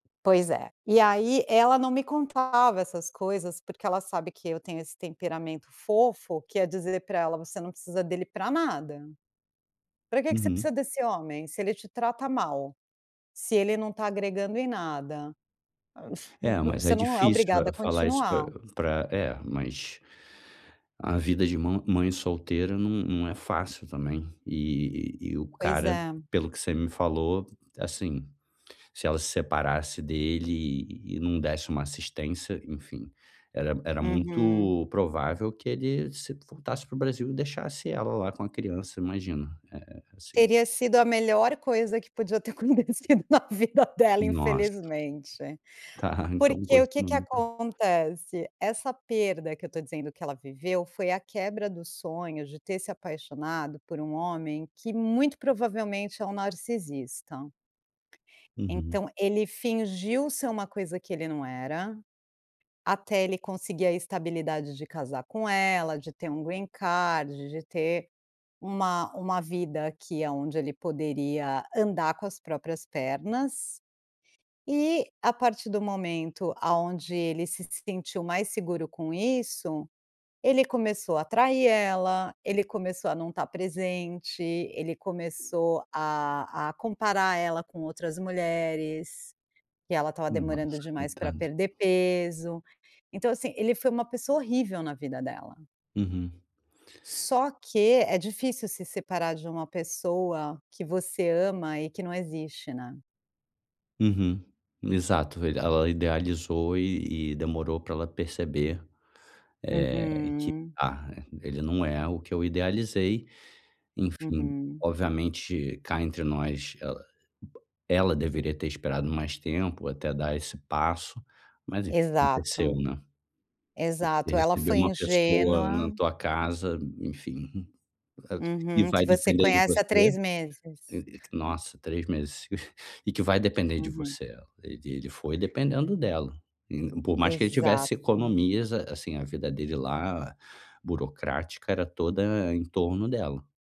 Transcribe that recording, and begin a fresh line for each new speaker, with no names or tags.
Pois é, e aí ela não me contava essas coisas, porque ela sabe que eu tenho esse temperamento fofo que é dizer pra ela: "Você não precisa dele pra nada, pra que que você
Uhum.
precisa desse homem, se ele te trata mal, se ele não tá agregando em nada, ah,
É,
vo
mas é
você não é
difícil,
obrigada
hã,
a
falar isso pra
continuar".
pra é, mas a vida de mã mãe solteira não não é fácil também, eh, e e o
Pois
cara,
é.
pelo que você me falou, assim, se ela se separasse dele e não desse uma assistência, enfim, era era
Uhum.
muito provável que ele se voltasse pro Brasil e deixasse ela lá com a criança, imagina. É, assim
Teria sido a melhor coisa que podia ter acontecido na vida dela
Nossa.
infelizmente.
Tá, então
Porque o que que
continua, então.
acontece, essa perda, que eu tô dizendo que ela viveu, foi a quebra do sonho de ter se apaixonado por um homem que muito provavelmente é um narcisista.
Uhum.
Então ele fingiu ser uma coisa que ele não era, até ele conseguir a estabilidade de casar com ela, de ter um green card, de ter uma uma vida aqui aonde ele poderia andar com as próprias pernas e, a partir do momento aonde ele se sentiu mais seguro com isso, ele começou a trair ela, ele começou a não tá presente, ele começou a a comparar ela com outras mulheres, que ela estava demorando
Nossa,
demais pra
coitada.
perder peso, então, assim, ele foi uma pessoa horrível na vida dela.
Uhum.
Só que é difícil se separar de uma pessoa que você ama e que não existe, né?
Uhum, exato, velho, ela idealizou e e demorou pra ela perceber, eh, que:
Uhum.
"Ah, ele não é o que eu idealizei", enfim,
Uhum.
obviamente, cá entre nós, ela uba ela deveria ter esperado mais tempo até dar esse passo, mas enf aconteceu,
Exato,
né. Você
exato, ela
recebeu
foi
uma pessoa na
ingênua
tua casa, enfim, [unintelligible] que
Uhum, que
vai
você
depender de
conhece
você,
há 3 meses.
eh eh que
Hum.
nossa três meses e que vai depender de
Uhum.
você, e ele foi dependendo dela, in por mais que ele tivesse
Exato.
economias, ah, assim, a vida dele lá burocrática era toda em torno dela.